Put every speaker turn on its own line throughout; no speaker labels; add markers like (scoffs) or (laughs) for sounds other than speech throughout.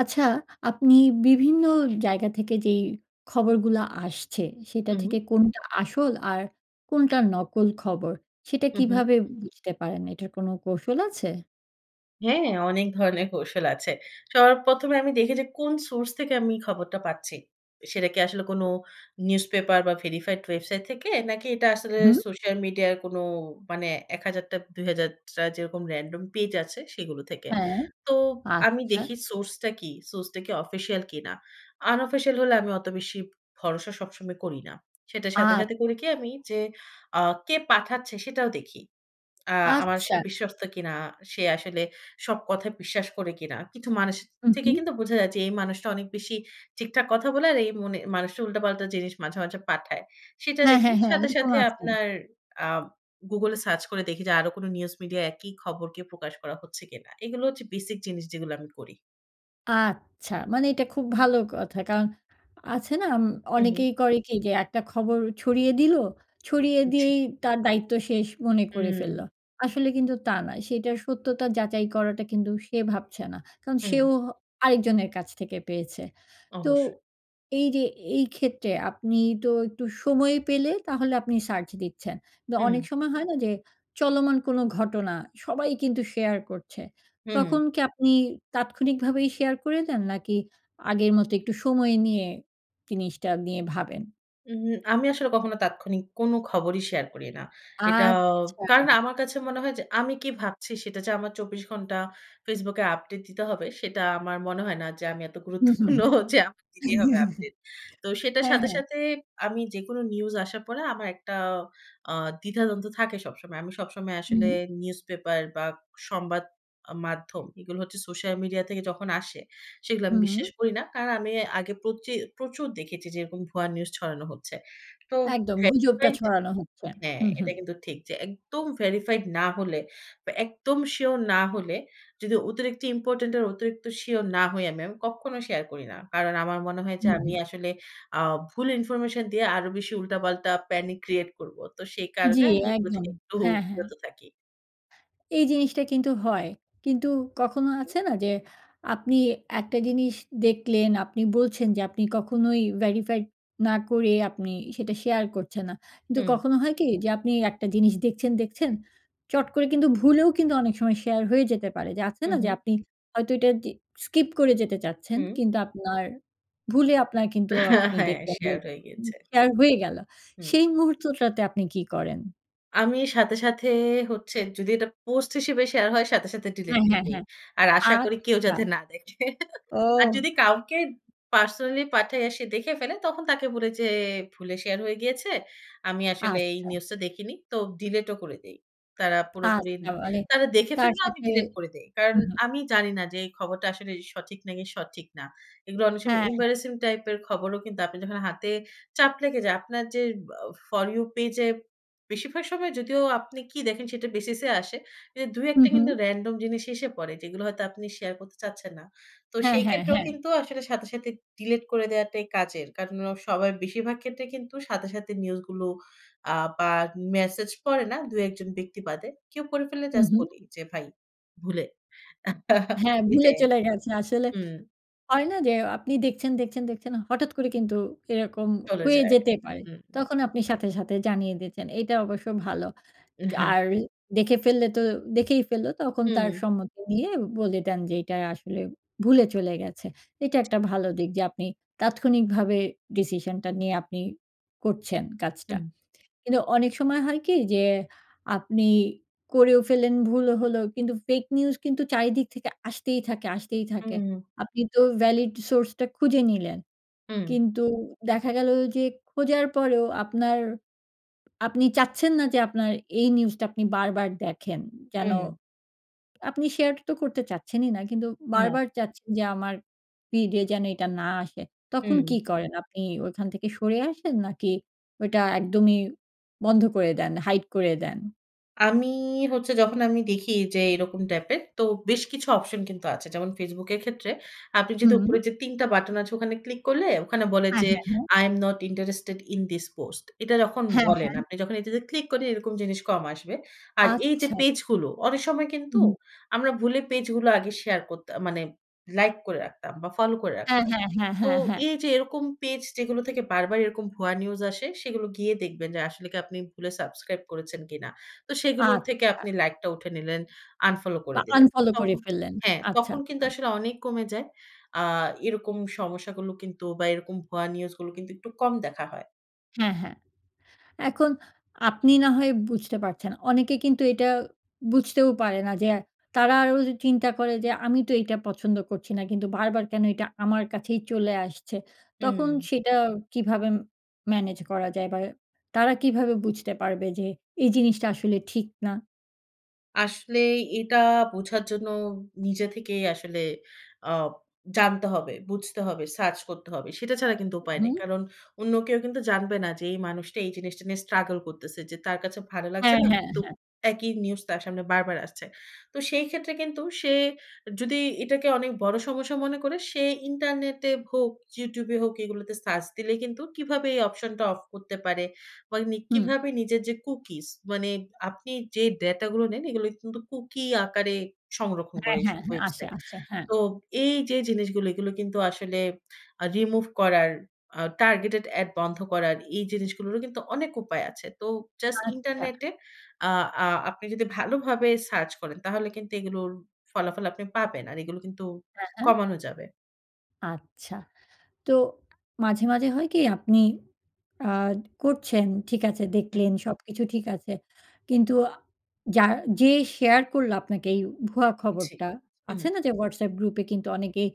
আচ্ছা, আপনি বিভিন্ন জায়গা থেকে যেই খবরগুলো আসছে, সেটা
হুম।
থেকে কোনটা আসল, আর কোনটা নকল খবর, সেটা
উ হু।
কীভাবে বুঝতে পারেন? এটার কোনো কৌশল আছে?
হ্যাঁ, অনেক ধরনের কৌশল আছে। সবার ১ম এ আমি দেখি, যে কোন সোর্স থেকে আমি খবরটা পাচ্ছি। সেটা কি আসলে কোন নিউজপেপার বা ভেরিফাইড ওয়েবসাইট থেকে? নাকি এটা আসলে
হুম।
সোশ্যাল মিডিয়ার কোনো মানে ১,০০০টা, ২,০০০টা যেরকম র‍্যান্ডম পেজ আছে সেইগুলো থেকে?
হ্যাঁ,
তো আমি
আচ্ছা।
দেখি সোর্সটা কী? সোর্সটা কি অফিসিয়াল কিনা? আনঅফিসিয়াল হলে আমি অত বেশি ভরসা সবসময় করি না। সেটার সাথে, সাথে
আ
করি কি? আমি যে আ কে পাঠাচ্ছে সেটাও দেখি। আ আমার সে
আচ্ছা।
বিশ্বস্ত কিনা। সে আসলে সব কথায় বিশ্বাস করে কিনা। কিছু মানুষ
উ
থেকে
হু।
কিন্তু বোঝা যায়, যে এই মানুষটা অনেক বেশি ঠিকঠাক কথা বলে, আর এই মনে মানুষটা উল্টাপাল্টা জিনিস মাঝে, মাঝে পাঠায়। সেইটা
হ্যাঁ,
দেখি।
হ্যাঁ, হ্যাঁ,
সাথে,
এইরকম
সাথে
আছে।
আপনার আ Google এ সার্চ করে দেখি, যে আরো কোন নিউজ মিডিয়ায় একি খবর কি প্রকাশ করা হচ্ছে কিনা। এইগুলো হচ্ছে বেসিক জিনিস যেগুলো আমি করি।
আচ্ছা। মানে এটা খুব ভালো কথা। কারন, আছে না? উম
হু, হু।
অনেকেই করে কি যে, একটা খবর ছড়িয়ে দিল। ছড়িয়ে
জি।
দিয়েই তার দায়িত্ব শেষ মনে করে
হুম।
ফেললো। আসলে কিন্তু তা না। সেটার সত্যতা যাচাই করাটা কিন্তু সে ভাবছে না। কারন
হুম।
সেও হ আরেকজনের কাছ থেকে পেয়েছে। তো
অবশ্যই।
এইযে এইক্ষেত্রে আপনি তো একটু সময় পেলে তাহলে আপনি সার্চ দিচ্ছেন। তো অনেক
হুম।
সময় হয় না যে চলমান কোন ঘটনা। সবাই কিন্তু শেয়ার করছে।
হুম।
"তখন কি আপনি তাৎক্ষণিকভাবেই শেয়ার করে দেন নাকি আগের মতো একটু সময় নিয়ে জিনিসটা নিয়ে ভাবেন?"
উহু, আমি আসলে কখনো তাৎক্ষণিক কোন খবরই শেয়ার করি না। এটা
আচ্ছা।
কারণ আমার কাছে মনে হয় যে আমি কি ভাবছি সেটা যে আমার ২৪ ঘন্টা Facebook এ আপডেট দিতে হবে সেটা আমার মনে হয় না, যে আমি এত
হু, হু।
গুরুত্বপূর্ণ যে আমাকে দিতেই হবে
(chuckles)
আপডেট। তো সেটার
হ্যাঁ,
সাথে,
হ্যাঁ।
সাথে আমি যেকোনো নিউজ আসার পরে আমার একটা অ্যা দ্বিধাদ্বন্দ থাকে সবসময়। আমি সবসময় আসলে
হুম।
নিউজ পেপার বা সংবাদ আ মাধ্যম এগুলো হচ্ছে সোশ্যাল মিডিয়া থেকে যখন আসে, সেগুলো আমি
হুম।
বিশ্বাস করি না। কারণ আমি আগে প্রচি প্রচুর দেখেছি যে এরকম ভুয়া নিউজ ছড়ানো হচ্ছে। তো
একদম।
হ্যাঁ,
গুজবটা
রাইট
ছড়ানো হচ্ছে।
হ্যাঁ,
হু, হু।
এটা কিন্তু ঠিক যে একদম verified না হলে বা, একদম সিউর না হলে, যদি অতিরিক্ত ইম্পোর্টেন্ট আর, অতিরিক্ত সিউর না হই আমি, আমি কক্ষনো শেয়ার করি না। কারণ আমার মনে হয় যে
হুম,
আমি
হুম।
আসলে অ্যা ভুল ইনফরমেশন দিয়ে আরো বেশি উল্টাপাল্টা panic create করবো। তো সেই
জি,
কারণে আমি এগুলো
একদম।
থেকে একটু
হ্যাঁ, হ্যাঁ।
বিরত থাকি।
এই জিনিসটা কিন্তু হয়। কিন্তু কখনো
হু।
আছে না যে, আপনি একটা জিনিস দেখলেন, আপনি বলছেন যে আপনি কখনোই verified না করে আপনি সেটা শেয়ার করছেন না। কিন্তু
হুম।
কখনো হয় কি যে আপনি একটা জিনিস দেখছেন, দেখছেন, চট করে কিন্তু ভুলেও কিন্তু অনেক সময় শেয়ার হয়ে যেতে পারে। যে আছে
হু,
না যে
হু।
আপনি হয়তো এটা দি skip করে যেতে চাচ্ছেন।
হুম।
কিন্তু আপনার ভুলে আপনার কিন্তু আপনি
(chuckles) হ্যাঁ।
দেখবেন যে
শেয়ার হয়ে গিয়েছে।
শেয়ার হয়ে গেল।
হুম।
"সেই মুহূর্তটাতে আপনি কী করেন?"
আমি সাথে, সাথে হচ্ছে যদি এটা পোস্ট হিসেবে শেয়ার হয়, সাথে, সাথে ডিলিট
হ্যাঁ,
দিয়ে
হ্যাঁ,
দেই।
হ্যাঁ।
আর আশা করি কেউ
আচ্ছা।
যাতে না দেখে। (chuckles) আর
ও।
যদি কাউকে পার্সোনালি পাঠাই, আর সে দেখে ফেলে, তখন তাকে বলি যে, "ভুলে শেয়ার হয়ে গিয়েছে। আমি আসলে এই
আচ্ছা।
নিউজ টা দেখিনি।" তো ডিলিটও করে দেই। তারা পুরোপুরি,
আচ্ছা মানে
তারা দেখে
তার
ফেললেও আমি
সাথে
ডিলিট করে দেই। কারণ
হু, হু।
আমি জানি না, যে এই খবরটা আসলে সঠিক, নাকি সঠিক না। এইগুলো অনেক সময়
হ্যাঁ, হ্যাঁ।
এম্বারাসিং টাইপের খবরও কিন্তু আপনি যখন হাতে চাপ লেগে যায়। আপনার যে আ ফর ইউ পেইজে বেশিরভাগ সময় যদিও আপনি কি দেখেন সেটার বেসিসে আসে। এ ২ ১
হু,
টা কিন্তু
হু।
রেনডম জিনিস এসে পড়ে। যেগুলো হয়তো আপনি শেয়ার করতে চাচ্ছেন না। তো
হ্যাঁ,
সেই
হ্যাঁ,
ক্ষেত্রেও
হ্যাঁ।
কিন্তু আসলে সাথে, সাথে ডিলিট করে দেওয়াটাই কাজের। কারণ অ সবাই বেশিরভাগ ক্ষেত্রে কিন্তু সাথে, সাথে নিউজ গুলো আ বা মেসেজ পড়ে না, ২ ১ জন ব্যক্তি বাদে। কেউ পড়ে ফেললে
হু,
জাস্ট
হু।
বলি যে, "ভাই ভুলে।" (chuckles)
হ্যাঁ, ভুলে
এটাই
চলে গেছে। আসলে
হুম।
হয় না, যে আপনি দেখছেন, দেখছেন, দেখছেন। হঠাৎ করে কিন্তু এরকম
চলে
হয়ে
যায়।
যেতে
হু।
পারে। তখন আপনি সাথে, সাথে জানিয়ে দিয়েছেন। এইটা অবশ্য ভালো।
এ
কা
হ্যাঁ।
আর দেখে ফেললে তো দেখেই ফেলল। তখন তার
হু।
সম্মতি নিয়ে বলে দেন, যে এইটা আসলে ভুলে চলে গেছে। এইটা একটা ভালো দিক। যে আপনি তাৎক্ষণিকভাবে ডিসিশনটা নিয়ে আপনি করছেন কাজটা।
হুম।
কিন্তু অনেক সময় হয় কি? যে আপনি করেও ফেললেন, ভুলও হলো। কিন্তু ফেইক নিউজ কিন্তু চারিদিক থেকে আসতেই থাকে, আসতেই থাকে।
হু।
আপনি তো ভ্যালিড সোর্সটা খুঁজে নিলেন।
হু।
কিন্তু দেখা গেল যে খোঁজার পরেও আপনার, আপনি চাচ্ছেন না যে আপনার এই নিউজটা আপনি বারবার দেখেন। যেন
হু।
আপনি শেয়ারটা তো করতে চাচ্ছেনই না। কিন্তু
না।
বারবার চাচ্ছেন যে আমার ফিড এ যেন এইটা না আসে। তখন কী
হু।
করেন? আপনি ওইখান থেকে সরে আসেন? নাকি ওইটা একদমই বন্ধ করে দেন, হাইড করে দেন?
আমি হচ্ছে যখন আমি দেখি যে এরকম টাইপের, তো বেশ কিছু অপশন কিন্তু আছে। যেমন Facebook এর ক্ষেত্রে আপনি যদি
হুম।
উপরে যে ৩ টা বাটন আছে, ওখানে ক্লিক করলে ওখানে বলে
আ
যে,
হ্যাঁ, হ্যাঁ।
I am not interested in this post। এটা যখন
হ্যাঁ,
বলেন
হ্যাঁ।
আপনি যখন এটাতে ক্লিক করি, এরকম জিনিস কম আসবে। আর এইযে
আচ্ছা।
পেজগুলো অনেক সময় কিন্তু
হুহু।
আমরা ভুলে পেজগুলো আগে শেয়ার করতা মানে লাইক করে রাখতাম বা, ফলো করে
হ্যাঁ,
রাখতাম।
হ্যাঁ, হ্যাঁ,
তো
হ্যাঁ, হ্যাঁ।
এইযে এরকম পেজ যেগুলো থেকে বারবার এরকম ভুয়া নিউজ আসে, সেগুলো গিয়ে দেখবেন যে আসলে কি আপনি ভুলে subscribe করেছেন কিনা। তো সেগুলো থেকে
আচ্ছা।
আপনি লাইকটা উঠে নিলেন, unfollow করে
বা,
দিলেন।
unfollow করে
তখন
ফেললেন।
হ্যাঁ,
আচ্ছা,
তখন কিন্তু
আচ্ছা।
আসলে অনেক কমে যায়। আ এরকম সমস্যাগুলো কিন্তু বা, এরকম ভুয়া নিউজগুলো কিন্তু একটু কম দেখা হয়।
হ্যাঁ, হ্যাঁ। এখন আপনি না হয় বুঝতে পারছেন। অনেকে কিন্তু এটা বুঝতেও পারে না যে, আ তারা আরও চিন্তা করে যে, "আমি তো এইটা পছন্দ করছি না, কিন্তু বারবার কেন এটা আমার কাছেই চলে আসছে?" তখন
হুম।
সেটা কীভাবে ম ম্যানেজ করা যায়? বা, তারা কীভাবে বুঝতে পারবে যে এই জিনিসটা আসলে ঠিক না?
আসলেই এটা বোঝার জন্য নিজে থেকেই আসলে অ জানতে হবে, বুঝতে হবে, সার্চ করতে হবে। সেটা ছাড়া কিন্তু উপায় নেই।
হুম।
কারণ অন্য কেউ কিন্তু জানবে না যে, এই মানুষটা এই জিনিসটা নিয়ে স্ট্রাগল করতেছে। যে, তার কাছে ভালো লাগছে
হ্যাঁ,
না।
হ্যাঁ,
কিন্তু
হ্যাঁ।
একই নিউজ তার সামনে বারবার আসছে। তো সেই ক্ষেত্রে কিন্তু সে যদি এটাকে অনেক বড় সমস্যা মনে করে, সে ইন্টারনেটে হোক, YouTube এ হোক এগুলোতে সার্চ দিলে কিন্তু কিভাবে এই অপশনটা অফ করতে পারে বা উনি
হুম।
কিভাবে নিজের যে, কুকিস মানে আপনি যে, ডাটা গুলো নেন এগুলো কিন্তু কুকি আকারে সংরক্ষণ করে
হ্যাঁ,
ওইসব
হ্যাঁ, হ্যাঁ, আসে,
ওয়েবসাইট।
আসে। হ্যাঁ।
তো এই যে, জিনিসগুলো, এগুলো কিন্তু আসলে আ রিমুভ করার, আ টার্গেটেড এড বন্ধ করার এই জিনিসগুলোরও কিন্তু অনেক উপায় আছে। তো জাস্ট
আচ্ছা।
ইন্টারনেটে আ আ আপনি যদি ভালোভাবে সার্চ করেন, তাহলে কিন্তু এগুলোর ফলাফল আপনি পাবেন। আর এগুলো কিন্তু
হ্যাঁ, হ্যাঁ।
কমানো যাবে।
আচ্ছা। তো মাঝে, মাঝে হয় কি আপনি আ করছেন ঠিক আছে দেখলেন,
হুম।
সবকিছু ঠিক আছে। কিন্তু আ যার যে, শেয়ার করল আপনাকে এই ভুয়া
জি,
খবরটা,
হুম।
আছে না? যে, WhatsApp গ্রুপ এ কিন্তু অনেকেই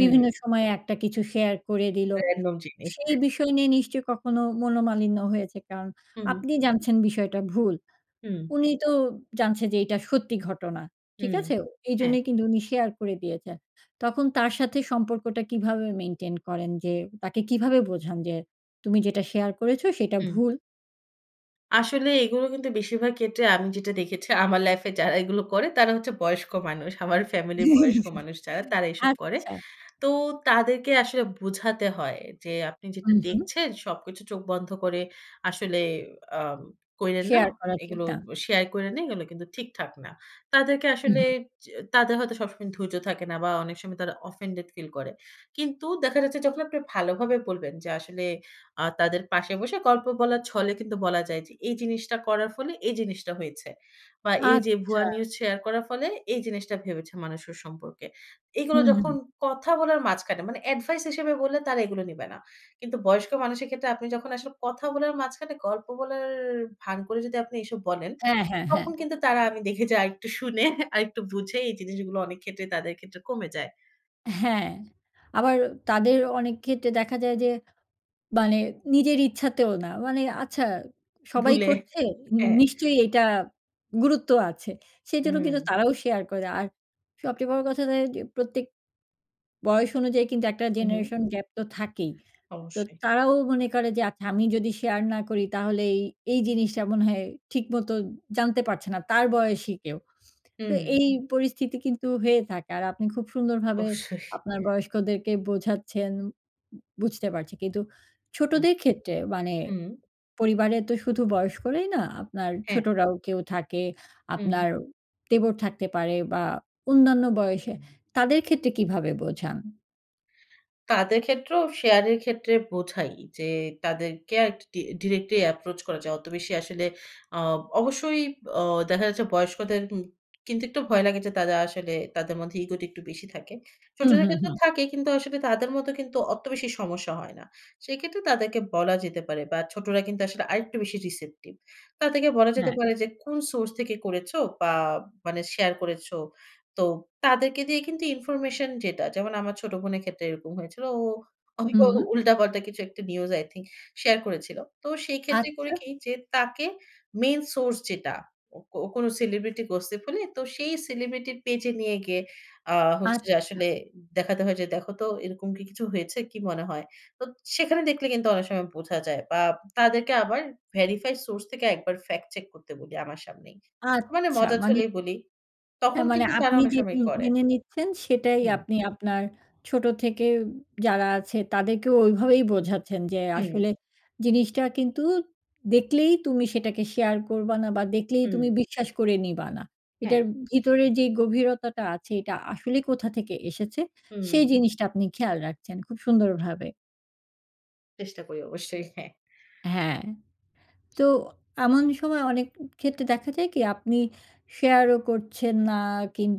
বিভিন্ন সময়ে একটা কিছু শেয়ার করে দিলো।
Random জিনি।
সেই বিষয় নিয়ে নিশ্চয়ই কখনো মনোমালিন্য হয়েছে। কারণ
হুম, হুম।
আপনি জানছেন বিষয়টা ভুল।
হুম।
উনি তো জানছেন যে, এটা সত্যি ঘটনা। ঠিক
হুম,
আছে?
হ্যাঁ।
এইজন্যই কিন্তু উনি শেয়ার করে দিয়েছেন। তখন তার সাথে সম্পর্কটা কিভাবে মেইনটেইন করেন? যে, তাকে কিভাবে বোঝান যে, তুমি যেটা শেয়ার করেছ সেটা
হুম।
ভুল।
আসলে এগুলো কিন্তু বেশিরভাগ ক্ষেত্রে আমি যেটা দেখেছি আমার লাইফে যারা এগুলো করে তারা হচ্ছে বয়স্ক মানুষ। আমার ফ্যামিলির বয়স্ক
(laughs)
মানুষ যারা তারা এসব করে।
আচ্ছা।
তো তাদেরকে আসলে বুঝাতে হয় যে আপনি যেটা
হুম, হুম।
দেখছেন, সবকিছু চোখ বন্ধ করে আসলে আম কইরেন না।
শেয়ার করা ঠিক
এইগুলো
না।
শেয়ার কইরেন না, এইগুলো কিন্তু ঠিকঠাক না। তাদেরকে
উ
আসলে
হু।
যে, তাদের হয়তো সবসময় ধৈর্য থাকে না বা অনেক সময় তারা offended feel করে। কিন্তু দেখা যাচ্ছে যখন আপনি ভালোভাবে বলবেন, যে আসলে আ তাদের পাশে বসে গল্প বলার ছলে কিন্তু বলা যায় যে, এই জিনিসটা করার ফলে এই জিনিসটা হয়েছে। বা এই যে ভুয়া
আচ্ছা।
নিউজ শেয়ার করার ফলে এই জিনিসটা ভেবেছে মানুষ ওর সম্পর্কে। এইগুলো
হুম,
যখন
হুম।
কথা বলার মাঝখানে, মানে এডভাইস হিসেবে বললে তারা এগুলো নিবে না। কিন্তু বয়স্ক মানুষের ক্ষেত্রে আপনি যখন আসলে কথা বলার মাঝখানে গল্প বলার ভান করে যদি আপনি এইসব বলেন,
হ্যাঁ, হ্যাঁ, হ্যাঁ।
তখন কিন্তু তারা আমি দেখেছি আরেকটু শুনে, আরেকটু বুঝে এই জিনিসগুলো অনেক ক্ষেত্রে, তাদের ক্ষেত্রে কমে যায়।
হ্যাঁ। আবার তাদের অনেক ক্ষেত্রে দেখা যায় যে, মানে নিজের ইচ্ছাতেও না। মানে আচ্ছা সবাই
ভুলে
করছে
হ্যাঁ।
নিশ্চই এইটা গুরুত্ব আছে। সেইজন্য কিন্তু
উম
তারাও শেয়ার করে দেয়। আর সবচেয়ে বড় কথা দেখা যায় যে প্রত্যেক বয়স অনুযায়ী কিন্তু একটা
উ হু।
জেনারেশন গ্যাপ তো থাকেই। তো
অবশ্যই।
তারাও মনে করে যে আচ্ছা আমি যদি শেয়ার না করি তাহলে এই, এই জিনিসটা মনে হয় ঠিকমত জানতে পারছে না। তার বয়সী কেউ। তো
হুম।
এই পরিস্থিতি কিন্তু হয়ে থাকে। আর আপনি খুব সুন্দরভাবে
অবশ্যই।
আপনার বয়স্কদেরকে বোঝাচ্ছেন বু বুঝতে পারছি। কিন্তু
হু,
ছোটদের ক্ষেত্রে মানে
হুম।
পরিবারে তো শুধু বয়স্করাই না, আপনার
হ্যাঁ।
ছোটরাও কেউ থাকে।
উম
আপনার দেবর থাকতে পারে। বা অন্যান্য বয়সে, তাদের ক্ষেত্রে কীভাবে বোঝান?
তাদের ক্ষেত্রেও শেয়ারের ক্ষেত্রে বোঝাই যে, তাদেরকে আক ডি ডিরেক্টলি অ্যাপ্রোচ করা যায়। অত বেশি আসলে অ অবশ্যই অ দেখা যাচ্ছে বয়স্কদের উম কিন্তু একটু ভয় লাগে। যে তারা আসলে তাদের মধ্যে ইগোটা একটু বেশি থাকে।
উহু,
ছোটদের
হু,
ক্ষেত্রেও
হু।
থাকে, কিন্তু আসলে তাদের মতো কিন্তু অত বেশি সমস্যা হয় না। সেক্ষেত্রে তাদেরকে বলা যেতে পারে বা ছোটরা কিন্তু আসলে আরেকটু বেশি receptive তাদেরকে বলা যেতে
হ্যাঁ।
পারে যে কোন সোর্স থেকে করেছো বা মানে শেয়ার করেছো? তো তাদেরকে দিয়ে কিন্তু ইনফরমেশন যেটা যেমন, আমার ছোট বোনের ক্ষেত্রে এরকম হয়েছিলো। ও অভিক
হুম।
উল্টা-পাল্টা কিছু একটা নিউজ, আই থিংক শেয়ার করেছিলো। তো সেইক্ষেত্রে করি
আচ্ছা।
কি, যে তাকে মেইন সোর্স যেটা, কো কোনো সেলিব্রিটি গসিপ হলে, তো সেই সেলিব্রিটির পেজে নিয়ে গিয়ে আ হচ্ছে যে
আচ্ছা।
আসলে দেখাতে হয় যে দেখো তো এরকম কি কিছু হয়েছে কি মনে হয়? তো সেখানে দেখলে কিন্তু অনেক সময় বোঝা যায়। বা তাদেরকে আবার ভেরিফাই সোর্স থেকে একবার ফেক্ট চেক করতে বলি আমার সামনেই। মানে
আচ্ছা,
মজার
মানে।
ছলেই বলি। তখন
হ্যাঁ, মানে
কিন্তু তারা
আপনি
অনেক
যে
সময়
উম
করে।
মেনে নিচ্ছেন সেটাই
হুম।
আপনি আপনার ছোট থেকে উব যারা আছে তাদেরকেও ওইভাবেই বোঝাচ্ছেন যে,
হুম।
‘’আসলে জিনিসটা কিন্তু দেখলেই তুমি সেটাকে শেয়ার করবা না বা দেখলেই
হুম।
তুমি বিশ্বাস করে নিবা না।‘’
হ্যাঁ।
এটার ভিতরের যেই গভীরতাটা আছে এটা আসলে কোথা থেকে এসেছে,
হুম।
সেই জিনিসটা আপনি খেয়াল রাখছেন খুব সুন্দরভাবে।
চেষ্টা করি, অবশ্যই। হ্যাঁ।
হ্যাঁ, তো এমন সময় অনেক ক্ষেত্রে দেখা যায় কি? আপনি শেয়ারও করছেন না,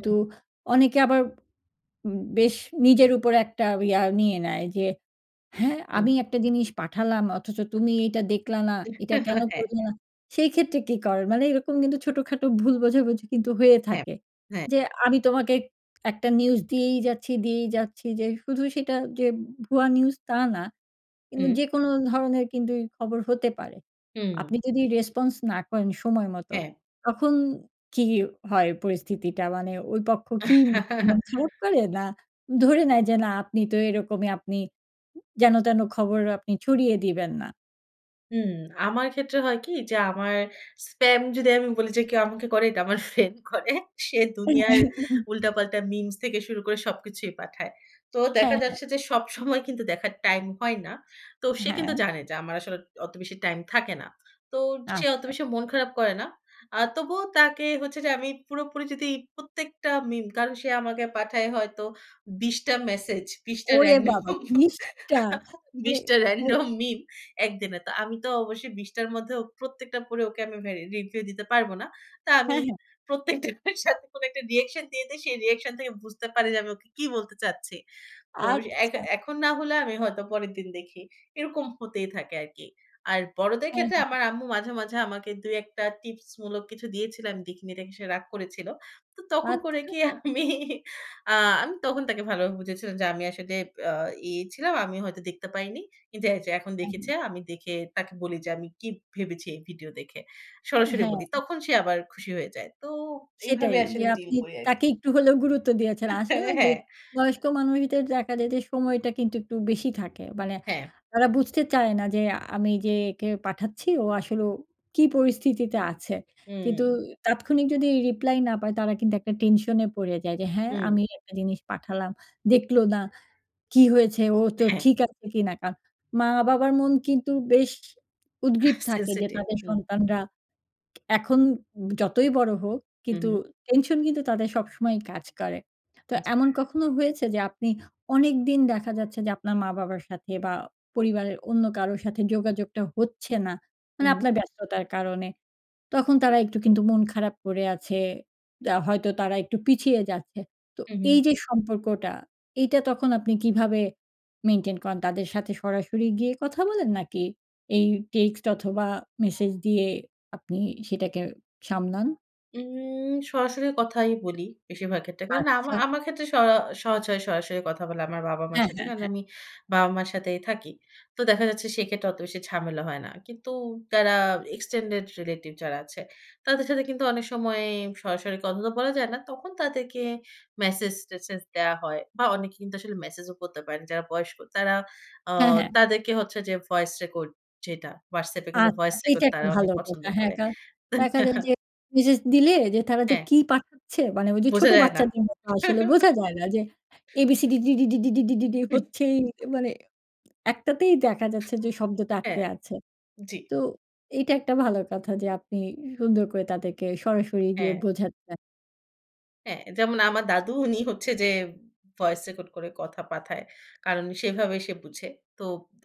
হু।
অনেকে আবার বেশ নিজের উপর একটা ইয়া নিয়ে নেয়। যে হ্যাঁ,
হুম।
আমি একটা জিনিস পাঠালাম, অথচ তুমি এটা দেখলা না, এটা
(chuckles)
কেনো
হ্যাঁ।
করলে? সেই ক্ষেত্রে কী করেন? মানে এরকম কিন্তু ছোটখাটো ভুল বোঝাবুঝি কিন্তু হয়ে
হ্যাঁ,
থাকে।
হ্যাঁ।
যে আমি তোমাকে একটা নিউজ দিয়েই যাচ্ছি, দিয়েই যাচ্ছি যে শুধু সেটা যে ভুয়া নিউজ, তা না। কিন্তু
হু।
যেকোনো ধরনের কিন্তু এই খবর হতে পারে।
হুম।
আপনি যদি রেসপন্স না করেন সময় মত,
হ্যাঁ।
তখন কী হয় পরিস্থিতিটা? মানে ওই পক্ষ কি মন খারাপ
(chuckles)
করে, না ধরে নেয় যে না আপনি তো এরকমই, আপনি যেন-তেন খবর আপনি ছড়িয়ে দিবেন না?
হুম, আমার ক্ষেত্রে হয় কি? যে আমার স্পাম যদি আমি বলি, যে কেউ আমাকে করে, এটা আমার ফ্রেন্ড করে। সে দুনিয়ার
(chuckles)
উল্টা-পাল্টা মিমস থেকে শুরু করে সবকিছুই পাঠায়। তো দেখা
হ্যাঁ, হ্যাঁ।
যাচ্ছে যে, সবসময় (scoffs) কিন্তু দেখার টাইম হয় না। তো সে কিন্তু
হ্যাঁ।
জানে, যে আমার আসলে অত বেশি টাইম থাকে না। তো সে অত
আচ্ছা।
বেশি মন খারাপ করে না। আ তবুও তাকে হচ্ছে যে আমি পুরোপুরি যদি প্রত্যেকটা মিম, কারণ সে আমাকে পাঠায় হয়তো ২০ টা মেসেজ, ২০ টা
ওরে বাবা!
রান্ডম
২০ টা
(chuckles)
মানে
২০ টা
ও
রান্ডম মিম ১ দিনে। তো আমি তো অবশ্যই ২০ টার মধ্যে প্রত্যেকটা পড়ে ওকে আমি এ রিপ্লাই দিতে পারব না। তো আমি
হ্যাঁ, হ্যাঁ।
প্রত্যেকটার সাথে কোনো একটা রিঅ্যাকশন দিয়ে দেই। সে রিঅ্যাকশন থেকে বুঝতে পারে যে আমি ওকে কি বলতে চাচ্ছি। তো এখ
আচ্ছা।
এখন না হলে আমি হয়তো পরের দিন দেখি। এরকম হতেই থাকে আরকি। আর বড়দের
হ্যাঁ,
ক্ষেত্রে,
হ্যাঁ।
আমার আম্মু মাঝে, মাঝে আমাকে ২ ১ টা টিপস মূলক কিছু দিয়েছিল। আমি দেখিনি দেখে, সে রাগ করেছিল। তো তখন করি
আচ্ছা।
কি আমি? আ আমি তখন তাকে ভালোভাবে বুঝায়ছিলাম যে, "আমি আসলে আ ইয়ে ছিলাম। আমি হয়তো দেখতে পাইনি। কিন্তু এইযে এখন
হ্যাঁ।
দেখেছি।" আমি দেখে তাকে বলি, যে আমি কি ভেবেছি এই ভিডিও দেখে। সরাসরি
হ্যাঁ।
বলি। তখন সে আবার খুশি হয়ে যায়। তো
সেটাই,
এভাবে
যে
আসলে ডিল
আপনি
করি আরকি।
তাকে একটু হলেও গুরুত্ব দিয়েছেন।
আ হ্যাঁ,
আসলেও যে
হ্যাঁ।
বয়স্ক মানুষদের দেখা যায় যে, সময়টা কিন্তু একটু বেশি থাকে। মানে
হ্যাঁ।
তারা বুঝতে চায় না, যে আমি যে একে পাঠাচ্ছি, ও আসলে ও কি পরিস্থিতিতে আছে? কিন্তু
হুম।
তাৎক্ষণিক যদি রিপ্লাই না পায়, তারা কিন্তু একটা টেনশনে পড়ে যায়, যে হ্যাঁ,
হুম।
আমি একটা জিনিস পাঠালাম। দেখল না, কি হয়েছে? ও তো
হ্যাঁ।
ঠিক আছে কিনা? কারণ মা-বাবার মন কিন্তু বেশ
আহ
উদগ্রীব থাকে, যে
sensitive
তাদের
হুম।
সন্তানরা এখন যতই বড় হোক,
হু,
কিন্তু
হু।
টেনশন কিন্তু তাদের সবসময়ই কাজ করে। তো
উ জি।
এমন কখনো হয়েছে? যে আপনি অনেকদিন দেখা যাচ্ছে যে, আপনার মা-বাবার সাথে বা পরিবারের অন্য কারোর সাথে যোগাযোগটা হচ্ছে না, মানে
হুম।
আপনার ব্যস্ততার কারণে। তখন
জী।
তারা একটু কিন্তু মন খারাপ করে আছে। আ হয়তো তারা একটু পিছিয়ে যাচ্ছে। তো
হুম।
এই যে সম্পর্কটা, এইটা তখন আপনি কীভাবে মেইনটেইন করেন, তাদের সাথে সরাসরি গিয়ে কথা বলেন নাকি, এই টেক্সট অথবা মেসেজ দিয়ে আপনি সেটাকে সামলান?
উম সরাসরি কথাই বলি, বেশিরভাগ ক্ষেত্রে। কেননা আমা
আচ্ছা।
আমার ক্ষেত্রে স সহজ হয় সরাসরি কথা বলা আমার বাবা-মার
অ্যা
সাথে।
হ্যাঁ,
কারণ
হ্যাঁ।
আমি বাবা-মার সাথেই থাকি। তো দেখা যাচ্ছে, সেক্ষেত্রে অত বেশি ঝামেলা হয় না। কিন্তু যারা extended relative যারা আছে, তাদের সাথে কিন্তু অনেক সময় সরাসরি কথা তো বলা যায় না। তখন তাদেরকে মেসেজ-টেসেজ দেয়া হয় বা অনেকে কিন্তু আসলে মেসেজ ও পড়তে পারেন না, যারা বয়স্ক। তারা, আ
হ্যাঁ, হ্যাঁ।
তাদেরকে হচ্ছে যে, ভয়েস রেকর্ড যেটা, WhatsApp এ কিন্তু
আচ্ছা,
ভয়েস
এইটা
রেকর্ড
একটা
তারা অনেক
ভালো
পছন্দ
কথা। হ্যাঁ,
করেন।
কারণ দেখা যায়
(chuckles)
যে, মেসেজ দিলে যে, তারা যে,
হ্যাঁ।
কী পাঠাচ্ছে, মানে ওই যে,
বোঝা
ছোটো
যায় না।
বাচ্চাদের মতো, আসলে বোঝা যায় না যে, a b-c-d d-d-d-d
হুম।
হচ্ছেই, মানে একটাতেই দেখা যাচ্ছে যে, শব্দটা আটকে
হ্যাঁ,
আছে।
জ্বী।
তো, এইটা একটা ভালো কথা যে, আপনি সুন্দর করে তাদেরকে সরাসরি দিয়ে
হ্যাঁ।
বোঝাচ্ছেন।
হ্যাঁ, যেমন আমার দাদু, উনি হচ্ছে যে, ভয়েস রেকর্ড করে কথা পাঠায়। কারণ সেভাবে সে বুঝে। তো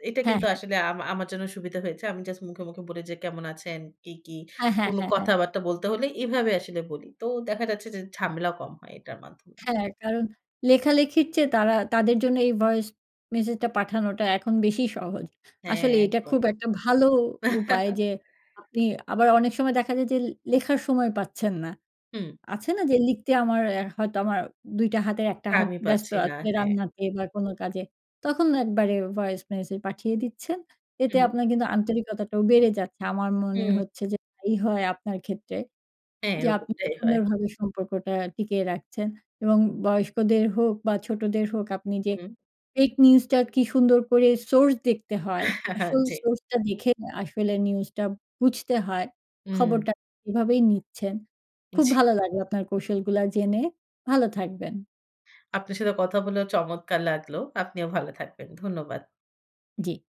এটা
হ্যাঁ,
কিন্তু
হ্যাঁ।
আসলে আমা আমার জন্য সুবিধা হয়েছে। আমি জাস্ট মুখে, মুখে বলি যে, কেমন আছেন? কি, কি
অ্যা হ্যাঁ,
কোন
হ্যাঁ, হ্যাঁ।
কথাবার্তা বলতে হলে এভাবে আসলে বলি। তো দেখা যাচ্ছে যে, ঝামেলাও কম হয় এটার মাধ্যমে।
হ্যাঁ, কারণ লেখালেখির চেয়ে তারা তাদের জন্য এই ভয়েস মেসেজটা পাঠানোটা এখন বেশি সহজ।
হ্যাঁ,
আসলে এটা
একদম।
খুব একটা ভালো উপায়
(chuckles)
যে, আপনি আবার অনেক সময় দেখা যায় যে, লে লেখার সময় পাচ্ছেন নাl
হুম।
আছে না যে, লিখতে আমার অ্যা হয়তো আমার ২ টা হাতের 1 টা হাত
আমি
ব্যস্ত
পাচ্ছি না।
আছে,
হ্যাঁ।
রান্নাতে বা কোনো কাজে তখন একবারে ভয়েস মেসেজ পাঠিয়ে দিচ্ছেন। এতে
উহু।
আপনার কিন্তু আন্তরিকতাটাও বেড়ে যাচ্ছে আমার মনে
উ
হচ্ছে, যে, তাই হয় আপনার ক্ষেত্রে।
হ্যাঁ,
যে, আপনি
এরকমটাই হয়।
সুন্দরভাবে সম্পর্কটা টিকিয়ে রাখছেন এবং বয়স্কদের হোক বা ছোটদের হোক, আপনি যে,
হুম।
ফেক নিউজটা কী সুন্দর করে সোর্স দেখতে হয়,
(chuckles)
আসল
জ্বী।
সোর্সটা দেখে আসলে নিউজটা বুঝতে হয়
উ
খবরটা এভাবেই নিচ্ছেন। খুব
জ্বী।
ভালো লাগলো আপনার কৌশলগুলা জেনে। ভালো থাকবেন।
আপনার সাথে কথা বলেও চমৎকার লাগলো। আপনিও ভালো থাকবেন। ধন্যবাদ।
জি।